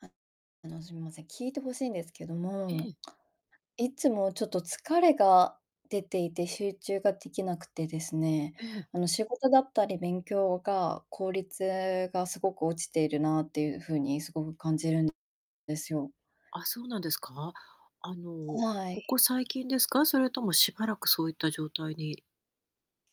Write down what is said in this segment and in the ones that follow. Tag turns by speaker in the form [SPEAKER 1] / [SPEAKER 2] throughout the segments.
[SPEAKER 1] ああの、すみません、聞いて欲しいんですけど
[SPEAKER 2] へ、え
[SPEAKER 1] も、
[SPEAKER 2] ん。
[SPEAKER 1] いつもちょっと疲れが出ていて、集中ができなくてですね、
[SPEAKER 2] ええ。
[SPEAKER 1] あの、仕事だったり勉強が、効率がすごく落ちているなっていう風にすごく感じるんですよ。
[SPEAKER 2] あ、そうなんですか。あ
[SPEAKER 1] ほ、
[SPEAKER 2] の、
[SPEAKER 1] わ
[SPEAKER 2] こ
[SPEAKER 1] い。
[SPEAKER 2] こ最近ですか？それともしばらくそういった状態に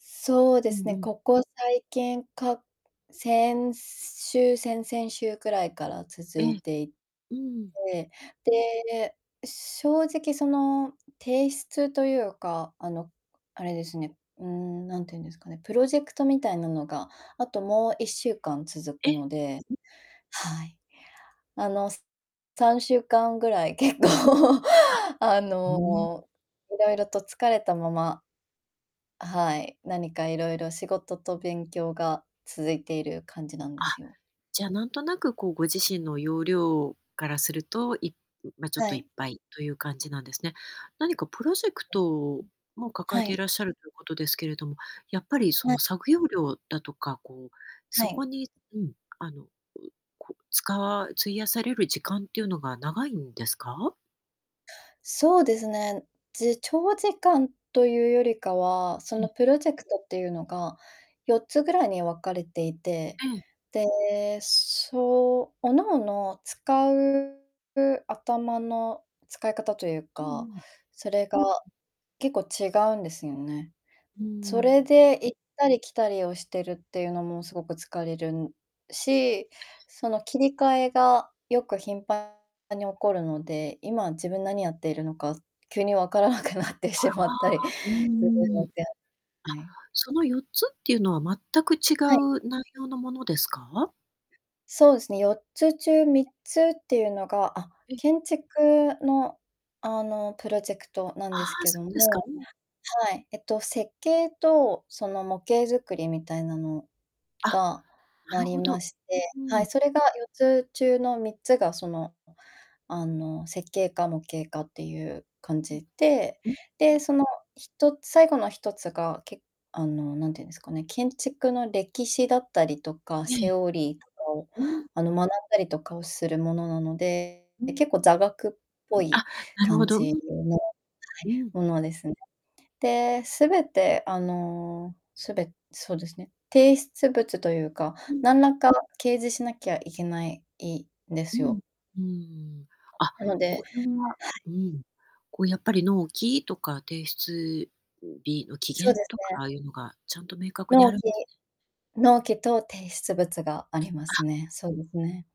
[SPEAKER 1] そうで
[SPEAKER 2] うん
[SPEAKER 1] す
[SPEAKER 2] う
[SPEAKER 1] ね、
[SPEAKER 2] ん。
[SPEAKER 1] ここ最近か、先週、先々週くらいから続
[SPEAKER 2] え
[SPEAKER 1] い
[SPEAKER 2] え。
[SPEAKER 1] てい
[SPEAKER 2] うん。
[SPEAKER 1] て、で、正直その、提出とゆうか、あの、あれですね、うーん、なんていうんですかね、プロジェクトみたいなのが、あと、もう1週間続
[SPEAKER 2] え、
[SPEAKER 1] くの
[SPEAKER 2] ん。
[SPEAKER 1] で、はい。あの、す3週間ぐらい、結構、
[SPEAKER 2] あ。
[SPEAKER 1] あ
[SPEAKER 2] うん。
[SPEAKER 1] の、いろいろと疲れたまま、はい、何かいろいろ、仕事と勉強が続いている感じなんで
[SPEAKER 2] あ、
[SPEAKER 1] すよ。
[SPEAKER 2] じゃあ、なんとなく、こう、ご自身の容量からすると、いん、ま、ちょっ
[SPEAKER 1] は
[SPEAKER 2] といっ
[SPEAKER 1] い。
[SPEAKER 2] ぱいとゆう感じなんですね。何かプロ
[SPEAKER 1] そ
[SPEAKER 2] ジェクトも
[SPEAKER 1] う、
[SPEAKER 2] 抱
[SPEAKER 1] うん、
[SPEAKER 2] え
[SPEAKER 1] は
[SPEAKER 2] てい
[SPEAKER 1] い。
[SPEAKER 2] らっしゃるということですけれども、やっぱりそ
[SPEAKER 1] ま。
[SPEAKER 2] の作業量だとか、こう、
[SPEAKER 1] は
[SPEAKER 2] そ
[SPEAKER 1] い。
[SPEAKER 2] こに、うん、あの、ん、こう、使わ費やされる時間っていうのが長いんですか？
[SPEAKER 1] そうですね、じ長時間とゆうよりかは、そ
[SPEAKER 2] う
[SPEAKER 1] の、
[SPEAKER 2] ん。
[SPEAKER 1] プロジェクトってゆうのが4つぐらいに分かれていて、
[SPEAKER 2] うん。
[SPEAKER 1] で、そう、各々使うう、頭の使い方とゆう
[SPEAKER 2] うんう
[SPEAKER 1] か、
[SPEAKER 2] ん。
[SPEAKER 1] それが結構違うんですよね。
[SPEAKER 2] うー
[SPEAKER 1] それ
[SPEAKER 2] ん。
[SPEAKER 1] で行ったり来たりをしてるってゆうのもすごく疲れるんし、その、切り替えが、よく、頻繁に起こるので、今、自分何やっているのか、急にわからなくなって
[SPEAKER 2] あ
[SPEAKER 1] しまったり、
[SPEAKER 2] あ
[SPEAKER 1] す
[SPEAKER 2] あ、うう
[SPEAKER 1] る
[SPEAKER 2] ー
[SPEAKER 1] の
[SPEAKER 2] ん。
[SPEAKER 1] で
[SPEAKER 2] あ、
[SPEAKER 1] はい。
[SPEAKER 2] その4つってゆうのは、全く違
[SPEAKER 1] はい。
[SPEAKER 2] う内容のものですか？
[SPEAKER 1] そうですね、4つ中3つってゆうのがあ、
[SPEAKER 2] え。
[SPEAKER 1] 建築の、あの、プロジェクトな
[SPEAKER 2] あ
[SPEAKER 1] ん
[SPEAKER 2] あ、
[SPEAKER 1] ですけど
[SPEAKER 2] そうですか、
[SPEAKER 1] も、
[SPEAKER 2] うん。
[SPEAKER 1] はい。えっと、設計とその模型づくりみたいなの
[SPEAKER 2] あ、
[SPEAKER 1] が
[SPEAKER 2] な
[SPEAKER 1] あ
[SPEAKER 2] る
[SPEAKER 1] り
[SPEAKER 2] ほ
[SPEAKER 1] ま
[SPEAKER 2] ど、
[SPEAKER 1] して、
[SPEAKER 2] うん
[SPEAKER 1] は
[SPEAKER 2] うん。
[SPEAKER 1] い、それが4つ中の3つがその、あの、設計か模型かってゆう感
[SPEAKER 2] うん。
[SPEAKER 1] じで、
[SPEAKER 2] うん、う
[SPEAKER 1] で、
[SPEAKER 2] ん。
[SPEAKER 1] その、1つ最後の1つが、けあの、なんて言うんですかね、建築の歴史だったりとか
[SPEAKER 2] ええ。
[SPEAKER 1] セオリーとかを、
[SPEAKER 2] うん。
[SPEAKER 1] あの、学んだりとかをするものなので、
[SPEAKER 2] うんうん。
[SPEAKER 1] 結構、座学っぽい
[SPEAKER 2] あ、なるほ
[SPEAKER 1] 感
[SPEAKER 2] ど、う
[SPEAKER 1] じ
[SPEAKER 2] ん。
[SPEAKER 1] うの、はい、
[SPEAKER 2] うん。
[SPEAKER 1] ものですね。で、すべて、あの、すべそうですね、提出物とゆうか、
[SPEAKER 2] うん。
[SPEAKER 1] なんらか、掲示しなきゃいけないい、で
[SPEAKER 2] う
[SPEAKER 1] す
[SPEAKER 2] ん、
[SPEAKER 1] よ。
[SPEAKER 2] うーん。あ、
[SPEAKER 1] なので
[SPEAKER 2] これは、
[SPEAKER 1] はい。
[SPEAKER 2] うん、こう、やっぱり、納期とか、提出日の期
[SPEAKER 1] そう
[SPEAKER 2] 限
[SPEAKER 1] です
[SPEAKER 2] とか、
[SPEAKER 1] ね。
[SPEAKER 2] ああいうのがちゃんと明確にあ
[SPEAKER 1] 納
[SPEAKER 2] るん
[SPEAKER 1] 期
[SPEAKER 2] [unintelligible]
[SPEAKER 1] 納期と提出物があります
[SPEAKER 2] あ。
[SPEAKER 1] ね、そうですね。